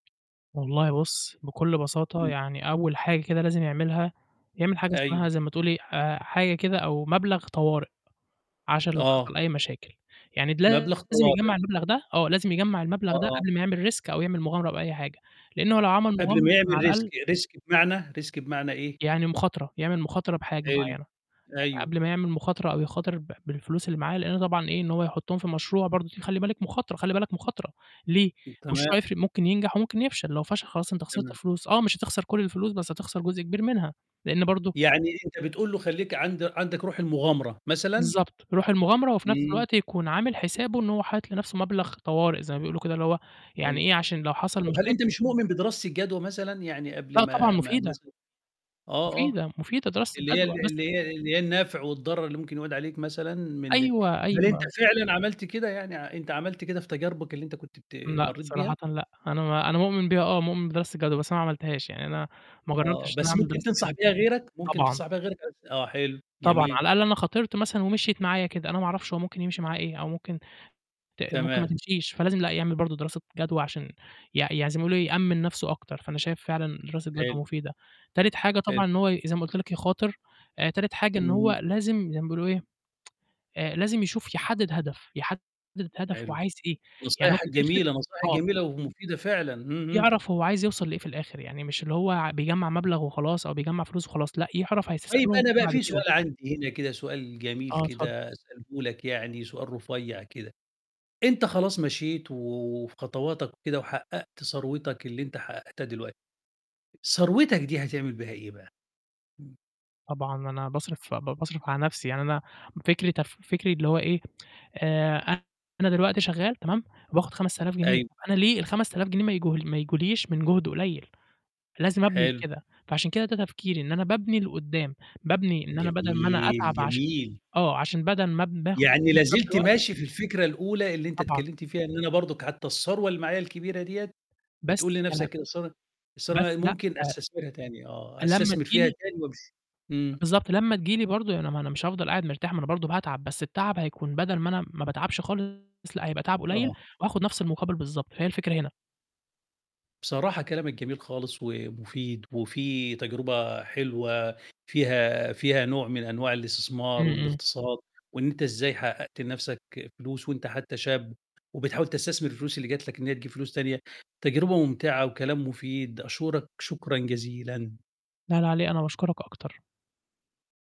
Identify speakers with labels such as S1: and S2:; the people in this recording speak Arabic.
S1: والله بُصّ، بكُلّ بساطة
S2: إمم.
S1: يعني أوّل حاجة كده لازم يعملها، يعمل حاجة اسمها
S2: أيوه.
S1: زَي ما تقول إيه، آآ حاجة كده أو مبلغ طوارئ، عشان لو
S2: آه.
S1: حصل أي مشاكل. يعني
S2: مبلغ
S1: لازم
S2: طوارئ.
S1: يجمّع المبلغ ده آه، لازم يجمّع
S2: آه،
S1: المبلغ ده
S2: آه.
S1: قبل ما يعمل risk أو يعمل مغامرة بأي حاجة، لأن هو لو عمل
S2: قبل
S1: مغامرة
S2: ما
S1: يكون على
S2: يعمل
S1: الأقل
S2: risk، risk بمعنى، risk بمعنى إيه؟
S1: يعني مخاطرة، يعمل مخاطرة بحاجة
S2: حلو.
S1: معيّنة، يعني
S2: أيوه.
S1: قبل ما يعمل مخاطرة أو يخاطر ب بالفلوس اللي معاه، لأنه طبعًا إيه، إن هو يحطّهم في مشروع برضه دي خلّي بالِك مخاطرة خلّي بالك مخاطرة، ليه؟
S2: [unintelligible] تمام.
S1: المشروع يفرِق ممكن ينجح وممكن يفشل، لو فشل خلاص أنت خسرت
S2: تمام.
S1: فلوس، آه مش هتخسر كُلّ الفلوس، بس هتخسر جزء كبير منها، لأن برضه
S2: يعني أنت بتقول له خلّيك عند عندك رُوح المغامرة، مثلًا؟
S1: بالضبط، رُوح المغامرة وفي نفْس
S2: إمم.
S1: الوقت يكون عامل حسابه إن هو حاطط لنفْسه مبلغ طوارئ زَي ما بيقولوا كده اللي هو يعني
S2: أيوه.
S1: إيه، عشان لو حصل
S2: طَب هل أنت
S1: مشاكل
S2: مش مؤمن بدراسة الجدوى مثلًا؟ يعني قبل
S1: لأ، طبعًا
S2: ما ما
S1: مفيدة.
S2: مثلًا آه، آه.
S1: مفيدة، مفيدة دراسة
S2: اللي هي
S1: الجدوى
S2: ال
S1: بس
S2: اللي هي اللي هي النفع والضرر اللي ممكن يعود عليك مثلًا من
S1: أيوه،
S2: هل أنت
S1: أيوه.
S2: فعلًا عملت كده يعني، أ أنت عملت كده في تجاربك اللي أنت كنت بت
S1: لأ،
S2: مرّيت
S1: صراحةً
S2: بيها؟
S1: لأ. أنا م أنا مؤمن بيها آه، مؤمن بدراسة الجدوى بس ما عملتهاش، يعني أنا ما
S2: آه.
S1: جرَّبتش إن أنا
S2: بس
S1: أعمل
S2: ممكن
S1: دراسة
S2: تنصح
S1: جدوى.
S2: بيها غيرك، ممكن
S1: طبعًا.
S2: تنصح بيها غيرك [unintelligible] آه حلو،
S1: طبعًا. على
S2: جميل.
S1: الأقل أنا خاطرت مثلًا ومِشيِت معايا كده، أنا ما أعرفش هو ممكن يمشي معاه إيه أو ممكن ت ممكن ما
S2: تمام.
S1: تمشيش، فلازم لأ، يعمل برضه دراسة جدوى عشان يع يعني زي ما يقولوا يأمِّن نفْسه أكتر. فأنا شايف فعلًا دراسة
S2: حلو.
S1: جدوى مفيدة. تالت حاجة
S2: حلو.
S1: طبعًا إن هو زَي ما قُلت لك يخاطر، آآ تالت حاجة إن هو
S2: اهم.
S1: لازم زَي ما بيقولوا إيه، آآ لازم يشوف يحدِّد هدف، يحدِّد هدف هو
S2: حلو.
S1: عايز إيه، يعني هو
S2: نصايحك
S1: في الآخر
S2: جميلة، نصايح
S1: آه.
S2: جميلة ومُفيدة فعلًا. همم، همم.
S1: يعرَف هو عايز يوصَل لإيه في الآخر، يعني مش اللي هو بيجمّع مبلغ وخلاص أو بيجمّع فلوس وخلاص، لأ، يعرَف
S2: طيب
S1: هيستثمرهم
S2: أنا
S1: في إيه
S2: بقى
S1: بعد
S2: في
S1: كده.
S2: سؤال عندي هنا كده سؤال جميل
S1: آه، اتفضل.
S2: كده أسأله لك يعني، سؤال رُفيّع كده، أنت خلاص مشيت و وفي خطواتك وكده وحقَّقت ثروتك، اللي أنت حقَّقتها دلوقتي، ثروتك دي هتعمل بيها إيه بقى؟ إمم.
S1: طبعًا. أنا باصرِف ب باصرِف على نفْسي، يعني أنا فكري تف فكري اللي هو إيه، آآ أنا دلوقتي شغال تمام، وباخد 5000 جنيه،
S2: أيوه.
S1: طَب أنا ليه ال5000 جنيه ما يج ما يجوليش من جُهد قليّل؟ لازم أبني
S2: حلو.
S1: لكده، فعشان كده ده تفكيري إن أنا بابني لقُدّام، بابني إن أنا بَدَل ما أنا
S2: جميل،
S1: أتعب عش
S2: جميل.
S1: آه، عشان بَدَل ما باخد
S2: يعني
S1: خَمَس
S2: لا
S1: آلاف
S2: زلت
S1: دلوقت
S2: ماشي في الفكرة الأولى اللي أنت
S1: طبعًا.
S2: اتكلّمت فيها إن أنا برضه حتى الثروة اللي معايا الكبيرة ديَّة، بتقول
S1: بس
S2: لنفْسك
S1: [unintelligible]
S2: كده الث الثروة
S1: بس
S2: دي
S1: لأ
S2: ممكن أستثمرها تاني آه،
S1: أ لمّا
S2: أستثمر
S1: تيجي
S2: فيها
S1: لي
S2: تاني [unintelligible] إمم.
S1: بالضبط. لمّا تيجي لي برضه يعني ما أنا مش هافضَل قاعد مرتاح، ما أنا برضه باتعب، بس التعب هيكون بَدَل ما أنا ما باتعبش خالص، لأ، هيبقى تَعَبْ قليّل
S2: آه.
S1: وهاخد نفْس المقابل بالضبط، فهي الفكرة هنا.
S2: بصراحة كلامك جميل خالص، ومفيد وفيه تجربة حلوة فيها فيها نوع من أنواع
S1: إمم،
S2: الاستثمار
S1: إمم.
S2: والإقتصاد، وإن أنت إزاي حقَّقت لنفْسك فلوس وأنت حتى شاب وبتحاول تستثمر الفلوس اللي جَت لك إن هي تجيب فلوس تانية، تجربة ممتعة وكلام مفيد، أشورك شكرًا جزيلًا.
S1: لا، لا على إيه، أنا باشكرك أكتر.